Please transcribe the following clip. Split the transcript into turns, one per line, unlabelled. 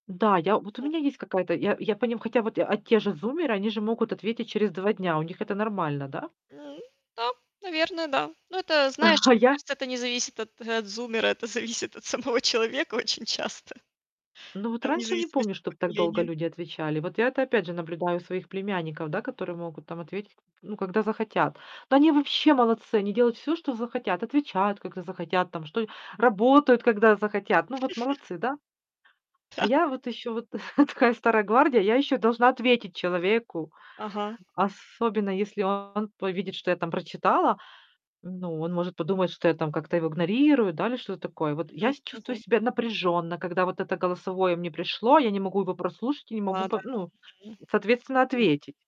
Да, я вот у
М.
меня есть какая-то я я поним хотя вот, а, те же зумеры, они же могут ответить через 2 дня. У них это нормально, да?
Да, наверное, да. Ну это, знаешь,
А
мне
я
кажется, это не зависит от от зумера, это зависит от самого человека очень часто.
Ну вот
Там вне
раньше не помню,
зависимости от
чтоб так долго
поколения.
люди отвечали. Вот я это,
М.
опять же, наблюдаю у своих племянников, да, которые могут там ответить к ну, когда захотят. Да они вообще молодцы, они делают всё, что захотят. Отвечают, когда захотят там что работают, когда захотят. Ну вот молодцы, да? А
Да.
я вот ещё вот такая старая гвардия, я ещё должна ответить человеку.
Ага.
Особенно, если он увидит, что я там прочитала. Ну, он может подумать, что я там как-то его игнорирую, да, или что-то такое. Вот я
Мгм
с чувствую
мгм.
себя напряжённо, когда вот это голосовое мне пришло, я не могу его прослушать и не могу
Лада.
по ну,
Мгм.
соответственно,
М.
ответить.